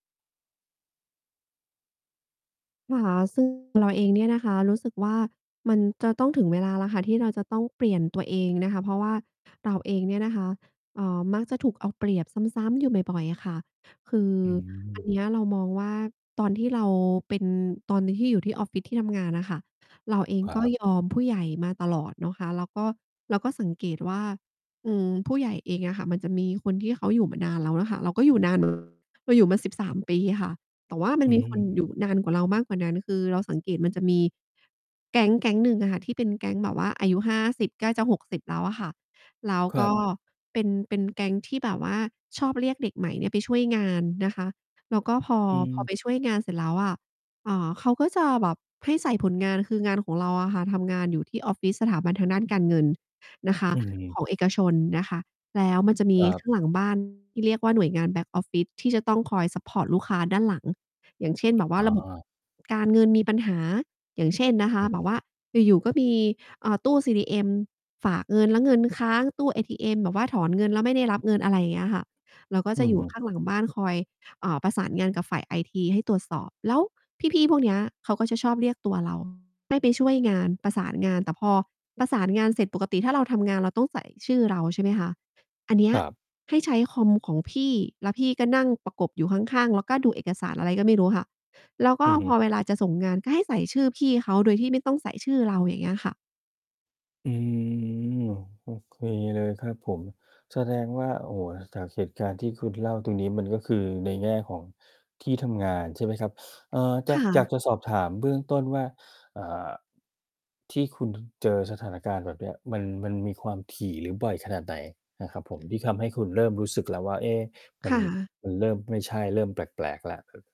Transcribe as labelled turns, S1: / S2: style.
S1: นะคะ ซึ่ง เราเองเนี่ยนะคะรู้สึกว่า มันจะต้องถึงเวลาแล้วค่ะที่เราจะต้องเปลี่ยนตัวเองนะคะ เพราะว่าเราเองเนี่ยนะคะ เอ่อ มักจะถูกเอาเปรียบซ้ำ ๆ อยู่บ่อย ๆ อะค่ะ คือ
S2: อื
S1: อัน
S2: ม
S1: เนี้ยเรามองว่า ตอนที่เราเป็น ตอนนี้ที่อยู่ที่ออฟฟิศที่ทำงานน่ะค่ะ เราเอง
S2: ครั
S1: ก็
S2: บ
S1: ยอมผู้ใหญ่มาตลอดเนาะคะ แล้วก็เราก็สังเกตว่า อืม ผู้ใหญ่เองอะค่ะมันจะมีคนที่เขาอยู่มานานแล้วอะค่ะ เราก็อยู่นาน เหมือน เราอยู่มา 13 ปีค่ะ แต่ว่ามั
S2: อ
S1: น
S2: ือ
S1: มี
S2: ฮึ
S1: คน
S2: อื
S1: อ
S2: ม
S1: ยู่นานกว่าเรามากกว่านั้น คือเราสังเกต มันจะมี แก๊งแก๊งหนึ่งอะค่ะที่เป็นแก๊งแบบว่าอายุ 50 ใกล้จะ 60 แล้วอะค่ะ แล้ว
S2: คร
S1: ก
S2: ั
S1: ็
S2: บ
S1: เป็น เป็นแก๊งที่แบบว่าชอบเรียกเด็กใหม่เนี่ยไปช่วยงานนะคะ แล้วก็พอ
S2: อื
S1: พอไ
S2: ม
S1: ปช่วยงานเสร็จแล้วอะ อ่า เขาก็จะแบบให้ใส่ผลงาน คืองานของเราอะค่ะ ทำงานอยู่ที่ออฟฟิศสถาบันทางด้านการเงิน นะคะ
S2: อือฮึ
S1: ของเอกชนนะคะ แล้วมันจะมี
S2: ครั
S1: ข
S2: บ
S1: ้างหลัง บ้าน ที่เรียกว่า หน่วยงาน back office ที่จะต้องคอยซัปพอร์ตลูกค้าด้านหลัง อย่างเช่นแบบว่
S2: อ
S1: า
S2: ๋อ
S1: ระบบ การเงินมีปัญหา อย่างเช่นนะคะ แบบว่าอยู่ ๆ ก็มี เอ่อ ตู้ CDM ฝากเงินแล้วเงินค้าง ตู้เอทีเอ็มแบบว่าถอนเงินแล้วไม่ได้รับเงิน อะไรเงี้ยค่ะ เราก็
S2: อื
S1: จะ
S2: อ
S1: อยู่
S2: ฮึ
S1: ข้างหลังบ้านคอย อ่า ประสานงานกับฝ่ายไอทีให้ตรวจสอบ แล้วพี่ ๆ พวกเนี้ย เขาก็จะชอบเรียกตัว เรา ให้ไปช่วยงาน ประสานงาน แต่พอประสานงานเสร็จ ปกติถ้าเราทำงาน เราต้องใส่ชื่อเรา ใช่ไหมคะ อันเนี้
S2: ค
S1: ย
S2: รับ
S1: ให้ใช้คอมของพี่ แล้วพี่ก็นั่งประกบอยู่ข้าง ๆ แล้วก็ดูเอกสารอะไรก็ไม่รู้ค่ะ แล้วก
S2: อ
S1: ็
S2: ือฮึ
S1: พอเวลาจะส่งงานก็ให้ใส่ชื่อพี่เขาโดยที่ไม่ต้องใส่ชื่อเรา อย่างเงี้ยค่ะ
S2: อืม โอ้ โอเคเลยครับผม แสดงว่า โอ้โฮ! จากเหตุการณ์ ที่คุณเล่าตรงนี้ มันก็คือในแง่ของที่ทำงานใช่ไหมครับ เอ่อ จ
S1: ค
S2: ะ
S1: ่
S2: อยาก
S1: ะ
S2: จะสอบถามเบื้องต้นว่า อ่า ที่คุณนั้นเจอสถานการณ์แบบเนี้ย มัน มันมีความถี่หรือบ่อยขนาดไหน? นะครับผม ที่ทำให้คุณเริ่มรู้สึกแล้วว่า เอ๊ มั
S1: ค
S2: น
S1: ่ะ
S2: มันเริ่มไม่ใช่ เริ่มแปลก ๆ แล้ว ครับ